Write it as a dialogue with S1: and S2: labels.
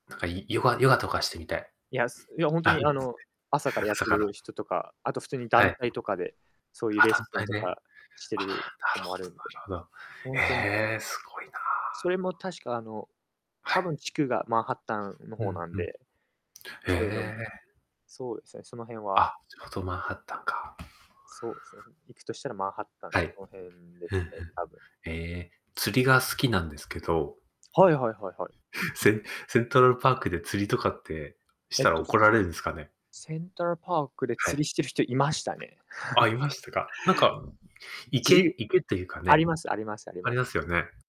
S1: なんかヨガヨガとかしてみたい。
S2: いやすいや本当
S1: あ
S2: に
S1: の、
S2: あの朝からやっ
S1: 朝
S2: て
S1: から。
S2: る人とか、あと普通に
S1: は
S2: 団
S1: い。
S2: 体とかで、そういう
S1: あ、
S2: レッ
S1: 団
S2: スン
S1: 体
S2: と
S1: で。
S2: かして
S1: あ、な
S2: るとこ
S1: る
S2: もあ
S1: ほどな
S2: るん
S1: る
S2: で、
S1: ほど。
S2: ほんとに
S1: ええ、すごいな。
S2: それも確かあの、
S1: は
S2: 多
S1: い。
S2: 分地区がマンハッタンの
S1: う
S2: 方
S1: ん
S2: なん
S1: うん。
S2: で。
S1: へ
S2: それの
S1: え。
S2: そうですね、その辺は
S1: あ、ちょうどマンハッタンか。
S2: そうですね、行くとしたらマンハッタン
S1: は
S2: の
S1: い。
S2: その辺で
S1: ふん
S2: すね、
S1: ふん。
S2: 多分。
S1: ええ、釣りが好きなんですけど
S2: はいはいはいはい。
S1: センセントラルパークで釣りとかってし
S2: えっ
S1: たら
S2: と。
S1: 怒られるんすかね。
S2: セントラルパークで
S1: は
S2: 釣
S1: い。
S2: りしてる人いましたね。
S1: あ、いましたか。なんか、
S2: じ
S1: 池池っていうか
S2: あり
S1: ね、
S2: ますありますあり
S1: あり
S2: ます。
S1: ますよね。